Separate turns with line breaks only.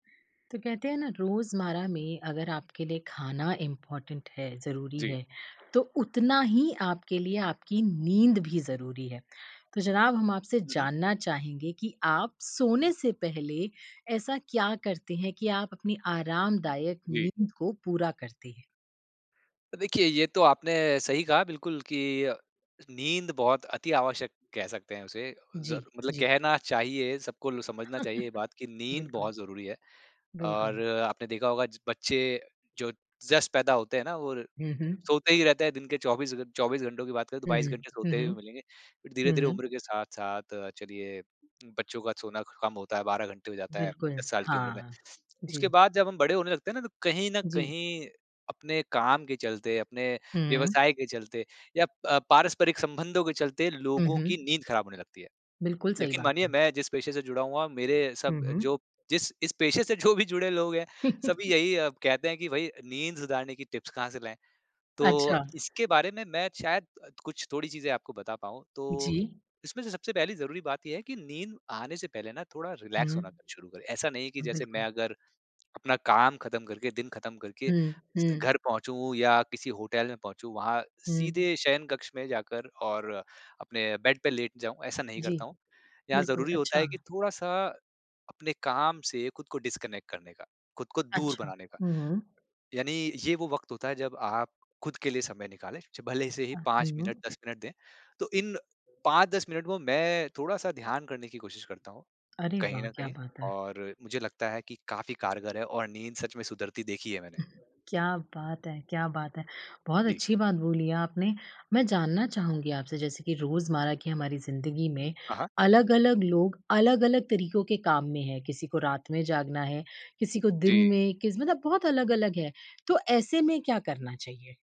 तो कहते हैं ना रोज़मर्रा में अगर आपके लिए खाना इम्पोर्टेंट है, ज़रूरी
जी।
है, तो उतना ही आपके लिए आपकी नींद भी ज़रूरी है, तो ज़नाब हम आपसे
हुँ, हुँ।
जानना चाहेंगे कि आप सोने से पहले, ऐसा क्या करते हैं कि आप अपनी आरामदायक
जी।
नींद को पूरा करते हैं?
देखिए ये तो आपने सही कहा बिल्कुल की अ, नींद बहुत अति-आवश्यक कह सकते हैं उसे अ, ज़र
जी,
मतलब
जी।
कहना चाहिए सबको ल समझना चाहिए ये बात की नींद
बिल्कुल।
बहुत ज़रूरी है। और
बिल्कुल।
आपने देखा होगा बच्चे जो जस्ट पैदा होते हैं ना वो
हुँ, हुँ।
सोते ही रहते हैं दिन के 24 घ 24 घंटों की बात करें तो
हुँ,
22 घंटे
हुँ, हुँ,
सोते
हुँ,
हुए मिलेंगे, फिर
हुँ,
धीरे-धीरे
हुँ।
उम्र के साथ-साथ चलिए, बच्चों का सोना कम होता है, 12 घंटे हो जाता है
बिल्कुल,
10 साल की उम्र में,
हाँ,
उसके
जी।
बाद जब हम बड़े होने लगते हैं ना तो कहीं न
जी।
कहीं अपने काम के चलते अपने
हुँ।
व्यवसाय के चलते या अ, पारस्परिक संबंधों के चलते,
हुँ,
लोगों की
हुँ।
नींद ख़राब होने लगती है,
बिल्कुल, सही
यकीन
बात
मानिए
है।
मैं जिस पेशे से जुड़ा हुआ मेरे सब
हुँ, हुँ।
जो जिस इस पेशे से जो भी जुड़े लोग हैं सभी यही कहते हैं कि भाई, नींद सुधारने की टिप्स कहाँ से लाएँ? तो
अच्छा।
इसके बारे में मैं शायद अ, कुछ थोड़ी चीज़ें आपको बता पाऊँ। तो
जी।
इसमें से सबसे पहली ज़रूरी बात ये है कि नींद आने से पहले ना थोड़ा
हुँ,
रिलैक्स होना
हुँ।
शुरू करें, ऐसा नहीं है कि जैसे मैं
बिल्कुल।
अगर अपना काम खत्म करके दिन खत्म करके,
हुँ, हुँ।
घर पहुँचूँ या किसी होटल में पहुँचूँ वहाँ
हुँ।
सीधे शयन कक्ष में जाकर और अपने बेड पे लेट जाऊँ ऐसा नहीं
जी,
करता हूँ। यहाँ
बिल्कुल,
ज़रूरी होता
अच्छा।
है कि थोड़ा-सा अपने काम से खुद को डिस्कनेक्ट करने का, खुद को दूर
अच्छा,
बनाने का।
हुँ, हुँ।
यानी ये वो वक़्त होता है जब आप खुद के लिए समय निकालें। च भले से ही
अ,
5 मिनट
हुँ।
10 मिनट दें। तो इन 5-10 मिनट वो मैं थोड़ा-सा ध्यान करने की कोशिश करता हूँ,
अरे
कहीं
वाह,
न
क्या
कहीं
बात है।
और मुझे लगता है कि काफ़ी कारगर है और नींद सच में सुधरती देखी है मैंने।
क्या बात है! क्या बात है! बहुत
जी।
अच्छी बात बोली आपने। मैं जानना चाहूँगी आपसे जैसे कि रोज़मर्रा की हमारी ज़िन्दगी में,
हाँ, हाँ।
अलग-अलग लोग अलग-अलग तरीकों के काम में हैं, किसी को रात में जागना है, किसी को दिन
जी।
में किस मतलब बहुत अलग-अलग है तो ऐसे में क्या करना चाहिए?